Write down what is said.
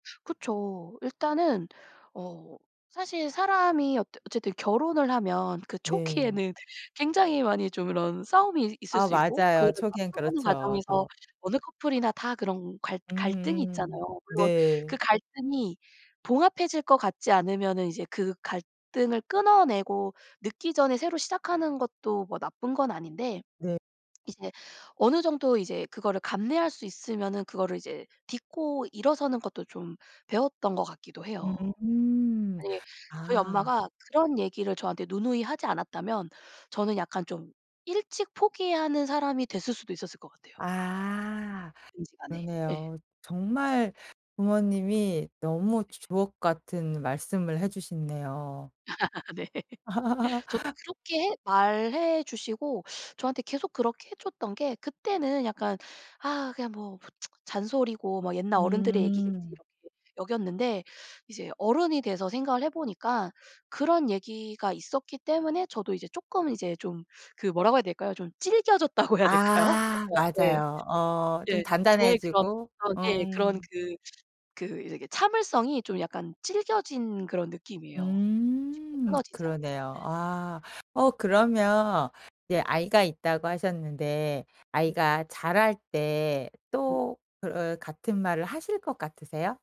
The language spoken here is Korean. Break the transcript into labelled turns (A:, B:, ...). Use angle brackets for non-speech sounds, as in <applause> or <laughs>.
A: 그쵸. 일단은 어 사실 사람이 어 어쨌든 결혼을 하면 그
B: 네.
A: 초기에는 굉장히 많이 좀 이런 싸움이 있 있을
B: 아
A: 수 있고
B: 맞아요.
A: 그거를
B: 초기엔
A: 맞춰가는
B: 그렇죠
A: 과정에서
B: 더.
A: 어느 커플이나 다 그런 갈 갈등이
B: 음음
A: 있잖아요. 물론
B: 네.
A: 그 갈등이 봉합해질 것 같지 않으면은 이제 그 갈등을 끊어내고 늦기 전에 새로 시작하는 것도 뭐 나쁜 건 아닌데.
B: 네.
A: 이제 어느 정도 이제 그거를 감내할 수 있으면은 그거를 이제 딛고 일어서는 것도 좀 배웠던 것 같기도 해요.
B: <unintelligible>
A: 네. 저희
B: 아.
A: 엄마가 그런 얘기를 저한테 누누이 하지 않았다면 저는 약간 좀 일찍 포기하는 사람이 됐을 수도 있었을 것 같아요.
B: 아
A: 뭐든지 간에 예.
B: 그러네요. 정말 부모님이 너무
A: 네.
B: 주옥같은 말씀을 해주셨네요.
A: <laughs> 네. <laughs> 저도
B: <laughs>
A: 그렇게 말해주시고 저한테 계속 그렇게 해줬던 게 그때는 약간 '아 그냥 뭐 <tsk> 잔소리고 뭐 옛날 어른들의 얘기겠지.'
B: 음.
A: 이렇게 여겼는데 이제 어른이 돼서 생각을 해보니까 그런 얘기가 있었기 때문에 저도 이제 조금 이제 좀 그 뭐라고 해야 될까요 좀 질겨졌다고 해야 될까요.
B: 아
A: 그래서 예.
B: 맞아요. 어 좀
A: 예 저의 그런
B: 단단해지고.
A: 그런 예 그런
B: 음.
A: 그 그 이렇게 참을성이 좀 약간 질겨진 그런 느낌이에요. 쉽게
B: 음
A: 끊어지지
B: 그러네요.
A: 않는. 네.
B: 아. 어 그러면 이제 아이가 있다고 하셨는데 아이가 자랄 때
A: 네.
B: 또 그 같은 말을 하실 것 같으세요?